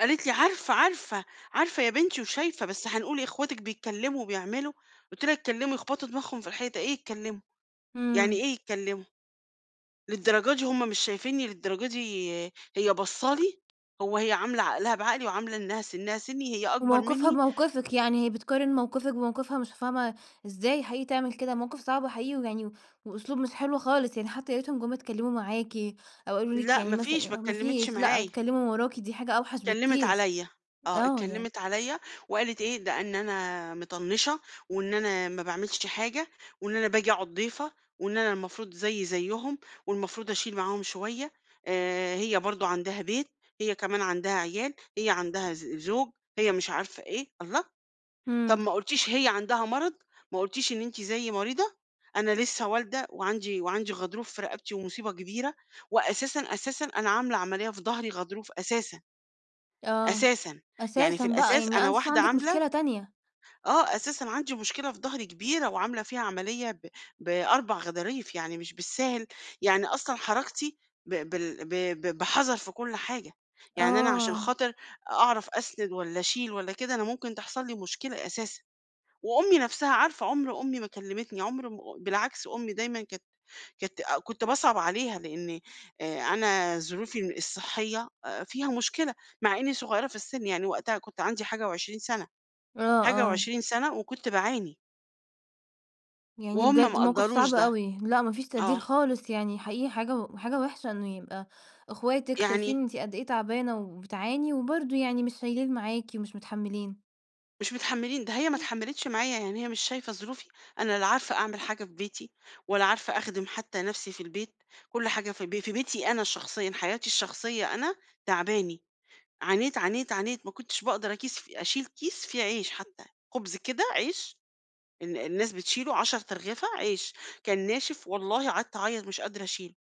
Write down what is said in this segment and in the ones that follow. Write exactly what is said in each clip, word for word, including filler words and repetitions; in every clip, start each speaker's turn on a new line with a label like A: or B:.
A: قالت لي: "عارفة، عارفة، عارفة يا بنتي وشايفة، بس هنقول إيه أخواتِك بيتكلّموا وبيعملوا" قُلت لها يتكلّموا يخبطوا دماغهم في الحيطة، إيه يتكلّموا، يعني
B: إمم.
A: إيه يتكلّموا؟ للدرجة دي هُم مش شايفيني، للدرجة دي هي باصّة لي! هو هي عاملة عقلها بعقلي، وعاملة إنها سنها سني هي أكبر
B: وموقفها
A: مني.
B: بموقفِك، يعني هي بتقارن موقفِك وموقفها مش فاهمة، إزاي حقيقي تعمل كده؟ موقف صعب وحقيقي ويعني و وأسلوب مش حلو خالص، يعني حتّى يا ريتهم جُم اتكلّموا معاكِ، أو قالوا لِك
A: لا
B: يعني
A: ما فيش ما
B: مثلًا ما
A: اتكلّمِتش
B: فيش، لأ
A: معايا.
B: اتكلّموا من وراكِ دي حاجة أوحش
A: اتكلّمت
B: بكتير،
A: عليَّ، آه
B: آه يعني.
A: اتكلّمت عليَّ وقالت إيه، ده إن أنا مطنّشة، وإن أنا ما باعملش حاجة، وإن أنا باجي أقعد ضيفة، وإن أنا المفروض زيي زيهم، والمفروض أشيل معاهم شوية، آآ هي برضه عندها بيت، هي كمان عندها عيال، هي عندها ز زوج، هي مش عارفة إيه، الله! طب
B: إمم.
A: ما قُلتيش هي عندها مرض، ما قُلتيش إن أنتِ زيي مريضة، أنا لسّه والدة وعندي وعندي غضروف في رقبتي ومصيبة كبيرة، وأساسًا، أساسًا أنا عاملة عملية في ضهري غضروف أساسًا.
B: آه،
A: أساسًا، يعني في
B: أساسًا بقى،
A: الأساس
B: يعني
A: أنا
B: أنس أنتِ
A: واحدة
B: عندِك
A: عاملة
B: مشكلة تانية.
A: آه أساسًا عندي مشكلة في ضهري كبيرة، وعاملة فيها عملية ب بأربع غضاريف يعني مش بالساهل، يعني أصلًا حركتي ب بال ب ب بحذر في كلّ حاجة، يعني أنا عشان
B: آه.
A: خاطر أعرف أسند والّا اشيل والّا كده، أنا ممكن تحصل لي مشكلة أساسًا، وأُمي نفْسها عارفة عمر أُمي ما كلّمتني عمر م بالعكس أُمي دايمًا كانت كانت كنت باصعب عليها لإني أنا ظروفي الصحّية فيها مشكلة، مع إني صغيرة في السن يعني وقتها كنت عندي حاجة وعشرين سنة،
B: آه،
A: حاجة
B: آه.
A: وعشرين سنة وكنت باعاني.
B: يعني
A: وهُم ما
B: بجد موقف
A: قدَّروش
B: صعب
A: ده.
B: أوي، لأ ما فيش تقدير
A: آه.
B: خالص، يعني حقيقي حاجة و حاجة وحشة إنه يبقى أخواتِك
A: يعني
B: شايفين أنتِ قد إيه تعبانة وبتعاني، وبرضه يعني مش شايلين معاكِ ومش متحمّلين.
A: مش متحمّلين ده هي ما
B: [unintelligible]
A: اتحمّلتش معايا يعني هي مش شايفة ظروفي، أنا لا عارفة أعمل حاجة في بيتي، ولا عارفة أخدم حتّى نفْسي في البيت، كلّ حاجة في ب في بيتي أنا شخصيًا حياتي الشخصية أنا، تعباني عانيت، عانيت، عانيت، ما كنتش باقدر أكيس أشيل كيس فيه عيش حتّى، خبز كده عيش ال الناس بتشيله عشر أرغفة عيش، كان ناشف والله قعدت أعيّط مش قادرة أشيل،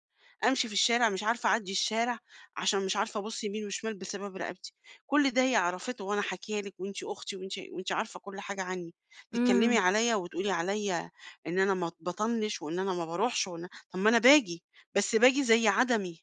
A: أمشي في الشارع مش عارفة اعدّي الشارع، عشان مش عارفة ابُصّ يمين وشمال بسبب رقبتي، كلّ ده هي عرفته وأنا حاكية لِك وأنتِ أختي وأنتِ وأنتِ عارفة كلّ حاجة عني، تتكلّمي
B: إمم.
A: عليَّ وتقولي عليَّ إن أنا ما باطنّش وإن أنا ما باروحش وإن طب ما أنا باجي، بس باجي زي عدمي.